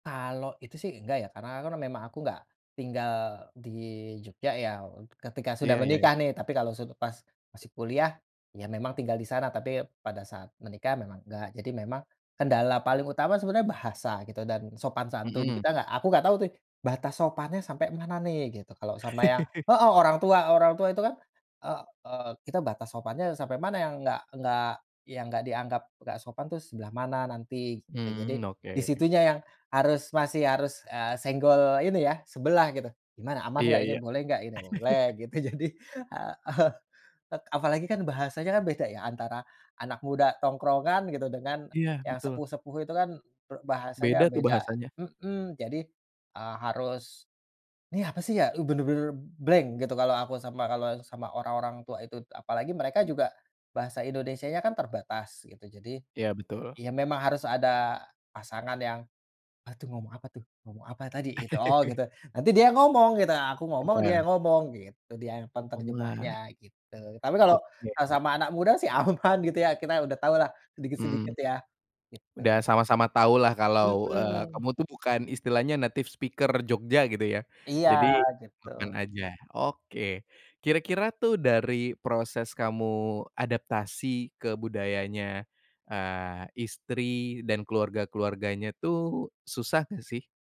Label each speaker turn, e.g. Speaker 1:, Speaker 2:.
Speaker 1: Kalau itu sih enggak ya karena kan memang aku enggak tinggal di Jogja ya ketika sudah
Speaker 2: Iya iya iya.
Speaker 1: menikah nih tapi kalau su pas masih kuliah, ya memang tinggal di sana tapi pada saat menikah memang enggak jadi memang, kendala paling utama sebenarnya bahasa gitu dan sopan santun
Speaker 2: Mhm.
Speaker 1: kita nggak aku enggak tahu tuh batas sopannya sampai mana nih gitu kalau sama yang, heeh, orang tua orang tua itu kan, eee eee, kita batas sopannya ya sampai mana yang enggak enggak yang nggak dianggap enggak sopan itu sebelah mana nanti gitu jadi
Speaker 2: Mmm,
Speaker 1: di
Speaker 2: oke.
Speaker 1: situnya yang harus masih harus, eee, senggol ini ya sebelah gitu gimana aman
Speaker 2: Iya
Speaker 1: enggak ini
Speaker 2: iya.
Speaker 1: boleh enggak ini boleh gitu jadi, heeh, apalagi kan bahasanya kan beda ya antara, anak muda tongkrongan gitu dengan
Speaker 2: Iya
Speaker 1: yang
Speaker 2: betul.
Speaker 1: sepuh-sepuh itu kan, eee, bahasanya
Speaker 2: Beda tuh
Speaker 1: beda,
Speaker 2: bahasanya.
Speaker 1: mhm, jadi, eee, harus, nih apa sih ya, eee, bener-bener blank gitu kalau aku sama kalau sama orang orang tua itu apalagi mereka juga, bahasa Indonesianya kan terbatas gitu jadi,
Speaker 2: Iya betul.
Speaker 1: ya memang harus ada pasangan yang, bantu ngomong apa tuh? Ngomong apa tadi itu? Oh gitu nanti dia ngomong gitu aku ngomong dia
Speaker 2: Heeh.
Speaker 1: ngomong gitu dia yang
Speaker 2: Pemula.
Speaker 1: penterjemahnya gitu tapi kalau,
Speaker 2: Oke.
Speaker 1: eee, sama anak muda sih aman gitu ya kita udah tahulah
Speaker 2: Mmm.
Speaker 1: sedikit-sedikit ya, gitu.
Speaker 2: Udah sama-sama tahulah kalau, eee,
Speaker 1: Mhm.
Speaker 2: kamu tuh bukan istilahnya native speaker Jogja gitu ya
Speaker 1: Iya
Speaker 2: jadi,
Speaker 1: gitu.
Speaker 2: kapan aja oke kira-kira tuh dari proses kamu adaptasi ke budayanya, eee, istri dan keluarga-keluarganya tuh susah gak sih?